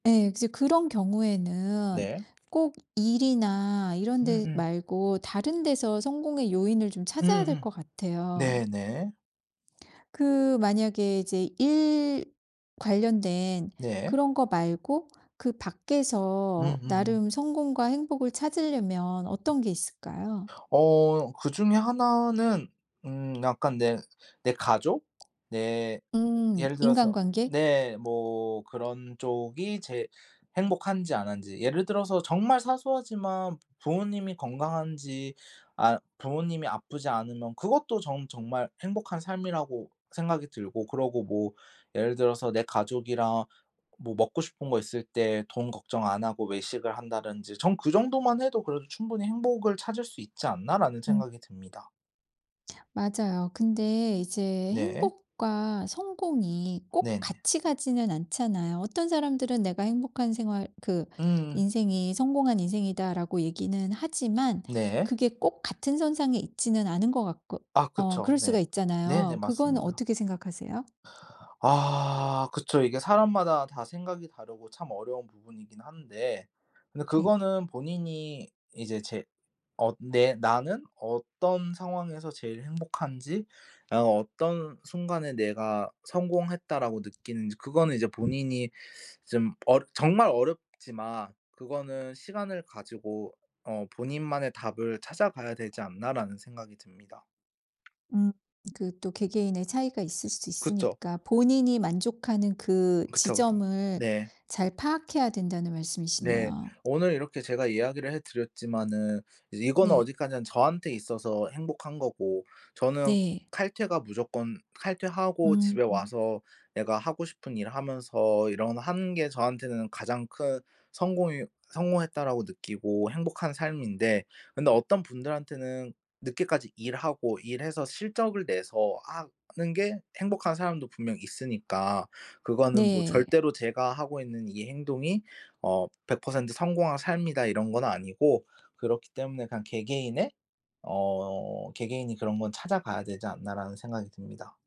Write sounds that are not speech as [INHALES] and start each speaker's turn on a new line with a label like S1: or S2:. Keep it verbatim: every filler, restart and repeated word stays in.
S1: 네. 이제 그런 경우에는
S2: 네.
S1: 꼭 일이나 이런 데
S2: 음음.
S1: 말고 다른 데서 성공의 요인을 좀 찾아야 될
S2: 음음.
S1: 것 같아요.
S2: 네네.
S1: 그 만약에 이제 일 관련된
S2: 네.
S1: 그런 거 말고 그 밖에서
S2: 음음음.
S1: 나름 성공과 행복을 찾으려면 어떤 게 있을까요?
S2: 어. 그중에 하나는 음 약간 내 내 가족 네.
S1: 음.
S2: 예를 들어서
S1: 인간관계?
S2: 네 뭐 그런 쪽이 제 행복한지 안 한지 예를 들어서 정말 사소하지만 부모님이 건강한지 아 부모님이 아프지 않으면 그것도 전 정말 행복한 삶이라고 생각이 들고 그러고 뭐 예를 들어서 내 가족이랑 뭐 먹고 싶은 거 있을 때 돈 걱정 안 하고 외식을 한다든지 전 그 정도만 해도 그래도 '충분히 행복을 찾을 수 있지 않나.'라는
S1: 음.
S2: 생각이 듭니다.
S1: 맞아요. 근데 이제
S2: 네.
S1: 행복과 성공이 꼭
S2: 네네.
S1: 같이 가지는 않잖아요. 어떤 사람들은 '내가 행복한 생활 그
S2: 음.
S1: 인생이 성공한 인생이다.'라고 얘기는 하지만
S2: 네.
S1: 그게 꼭 같은 선상에 있지는 않은 것 같고
S2: 아
S1: 어
S2: 그쵸.
S1: 그럴
S2: 네.
S1: 수가
S2: 네네
S1: 있잖아요. 그거는
S2: 맞습니다.
S1: 어떻게 생각하세요?
S2: [INHALES] 아 그쵸. 이게 사람마다 다 생각이 다르고 참 어려운 부분이긴 한데 근데
S1: 네.
S2: 그거는 본인이 이제 제 어 내 '나는 어떤 상황에서 제일 행복한지 나는 어떤 순간에 내가 성공했다.'라고 느끼는지 그거는 이제 본인이 좀 어 정말 어렵지만 그거는 시간을 가지고 어 '본인만의 답을 찾아가야 되지 않나.'라는 생각이 듭니다.
S1: 음. 그 또 개개인의 차이가 있을 수
S2: 그쵸.
S1: 있으니까 본인이 만족하는 그
S2: 그쵸 그쵸.
S1: 지점을
S2: 네.
S1: 잘 파악해야 된다는
S2: 네.
S1: 말씀이시네요.
S2: 오늘 이렇게 제가 이야기를 해 드렸지만은 이거는
S1: 네.
S2: 어디까지나 저한테 있어서 행복한 거고 저는
S1: 네.
S2: 칼퇴가 무조건 칼퇴하고 집에
S1: 음.
S2: 와서 내가 하고 싶은 일 하면서 이런 거 하는 게 저한테는 가장 큰 성공이 성공했다라고 느끼고 행복한 삶인데 근데 어떤 분들한테는 늦게까지 일하고 일해서 실적을 내서 하 하는 게 행복한 사람도 분명 있으니까 그거는 뭐
S1: 네.
S2: 절대로 제가 하고 있는 이 행동이 어 백 퍼센트 성공한 삶이다 이런 건 아니고 그렇기 때문에 그냥 개개인의 어 '개개인이 그런 건 찾아가야 되지 않나.'라는 생각이 듭니다.